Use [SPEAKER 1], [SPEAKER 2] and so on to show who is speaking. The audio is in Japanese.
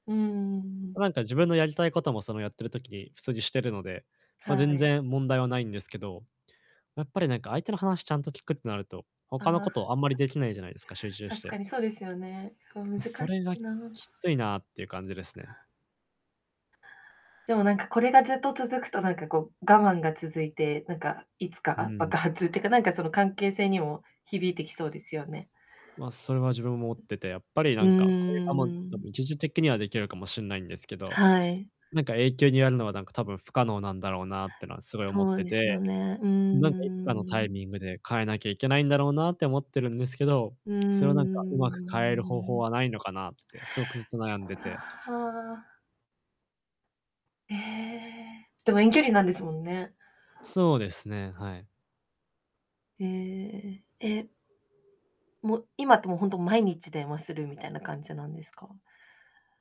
[SPEAKER 1] うん。
[SPEAKER 2] なんか自分のやりたいことも、その、やってる時に普通にしてるので、ま、
[SPEAKER 1] は
[SPEAKER 2] 全
[SPEAKER 1] い。
[SPEAKER 2] 然問題はないんですけど、やっぱりなんか相手の話ちゃんと聞くってなると、他のこ
[SPEAKER 1] あ。
[SPEAKER 2] とをあんまりできないじゃないですか、集中し
[SPEAKER 1] 確か
[SPEAKER 2] て。
[SPEAKER 1] にそうですよね。難し
[SPEAKER 2] それが、
[SPEAKER 1] いな。
[SPEAKER 2] きついなっていう感じですね。
[SPEAKER 1] でもなんか、これがずっと続くとなんかこう、我慢が続いて、なんかいつ
[SPEAKER 2] う
[SPEAKER 1] か
[SPEAKER 2] ん。
[SPEAKER 1] 爆発ってか、なんかその関係性にも響いてきそうですよね。
[SPEAKER 2] ま、それは自分も思ってて、やっぱりな
[SPEAKER 1] うん
[SPEAKER 2] んかこういう、
[SPEAKER 1] う
[SPEAKER 2] あ、
[SPEAKER 1] ん
[SPEAKER 2] ま、んと、
[SPEAKER 1] う
[SPEAKER 2] たぶ
[SPEAKER 1] ん。
[SPEAKER 2] ん、一時的にはできるかもしんないんですけど、
[SPEAKER 1] はい。
[SPEAKER 2] なんか永久にやるのはなんか多分不可能なんだろうなっていうのはすごい思っ
[SPEAKER 1] そう
[SPEAKER 2] て
[SPEAKER 1] ですよ
[SPEAKER 2] て、
[SPEAKER 1] ね、うー
[SPEAKER 2] なんかいつかのタイ
[SPEAKER 1] ん。
[SPEAKER 2] ミングで変えなきゃいけないんだろうなって思ってるんですけど、
[SPEAKER 1] うー
[SPEAKER 2] それはなんかうまく変える方法
[SPEAKER 1] ん。
[SPEAKER 2] はないのかなって、すごくずっと悩 んでて。
[SPEAKER 1] はあ。へえ、でも遠距離なんですもんね。
[SPEAKER 2] そうですね、はい。
[SPEAKER 1] へえ、え。もう、今ってもうほんと、毎日電話するみたいな感じなんですか？